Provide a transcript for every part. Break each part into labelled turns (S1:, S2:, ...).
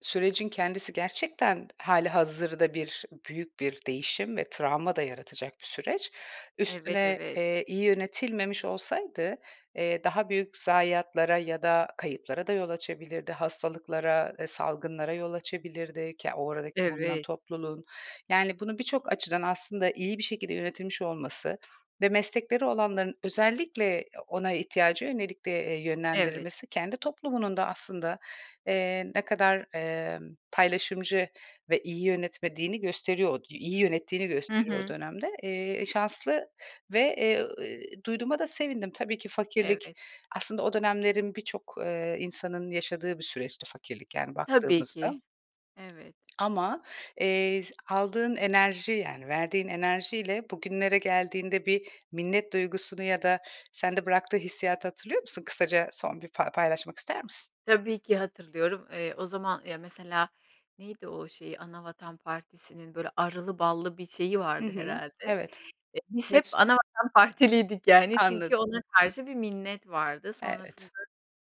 S1: Sürecin kendisi gerçekten hâlihazırda bir, büyük bir değişim ve travma da yaratacak bir süreç.
S2: Evet,
S1: Üstüne,
S2: evet.
S1: eee, iyi yönetilmemiş olsaydı, eee, daha büyük zayiatlara ya da kayıplara da yol açabilirdi, hastalıklara, eee, salgınlara yol açabilirdi, ke oradaki bulunan
S2: Evet.
S1: topluluğun. Yani, bunu birçok açıdan aslında iyi bir şekilde yönetilmiş olması ve meslekleri olanların özellikle ona ihtiyaca yönelik de, eee,
S2: Evet.
S1: yönlendirilmesi, kendi toplumunun da aslında, eee, ne kadar, emm, paylaşımcı ve iyi yönetmediğini gösteriyor o iyi yönettiğini
S2: Hı
S1: gösteriyor o
S2: hı.
S1: dönemde. Eee, eee, şanslı ve, eee, ııı, duyduğuma da sevindim. Tabii ki fakirlik
S2: Evet.
S1: aslında o dönemlerin birçok, eee, insanın yaşadığı bir süreçti, fakirlik, yani,
S2: Tabii
S1: baktığımızda.
S2: ki. Evet.
S1: Ama, eee, z aldığın enerji yani verdiğin enerjiyle bugünlere geldiğinde bir minnet duygusunu ya da sende bıraktığı hissiyatı hatırlıyor musun? Kısaca son bir fa paylaşmak ister misin?
S2: Tabii ki, hatırlıyorum. Eee, o zaman ya mesela neydi o şeyi? Anavatan Partisinin, böyle, arılı ballı bir şeyi
S1: Hı
S2: vardı,
S1: hı.
S2: herhâlde.
S1: Evet.
S2: Eee, biz hep
S1: Mesu
S2: Anavatan Partiliydik, yani, çünkü
S1: Anladım.
S2: ona karşı bir minnet vardı. Sonrasında,
S1: Evet.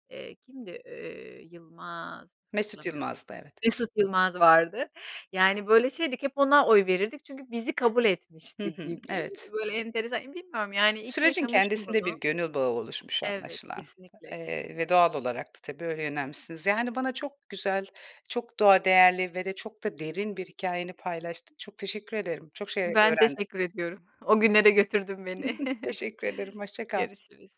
S2: eee, kimdi, eee, Yılmaz
S1: Mesut
S2: hatırlamıyorum.
S1: Yılmaz'dı, evet.
S2: Mesut Yılmaz vardı. Yani, böyle şeydik, hep ona oy verirdik çünkü bizi kabul
S1: Hı
S2: etmişti
S1: hı.
S2: gibi.
S1: Evet.
S2: Böyle, enteresan, bilmiyorum yani, iyi ki
S1: Sürecin
S2: yaşamıştım
S1: kendisinde bir
S2: bunu.
S1: gönül bağı oluşmuş
S2: Evet,
S1: anlaşılan,
S2: kesinlikle,
S1: eee, ve
S2: kesinlikle.
S1: doğal olarak da tabii öyle yönelmişsiniz. Yani, bana çok güzel, çok doğa değerli ve de çok da derin bir hikâyeni paylaştın. Çok teşekkür ederim, çok şey
S2: Ben
S1: öğrendim.
S2: teşekkür ediyorum. O günlere götürdün beni.
S1: Teşekkür ederim, hoşça kal.
S2: Görüşürüz.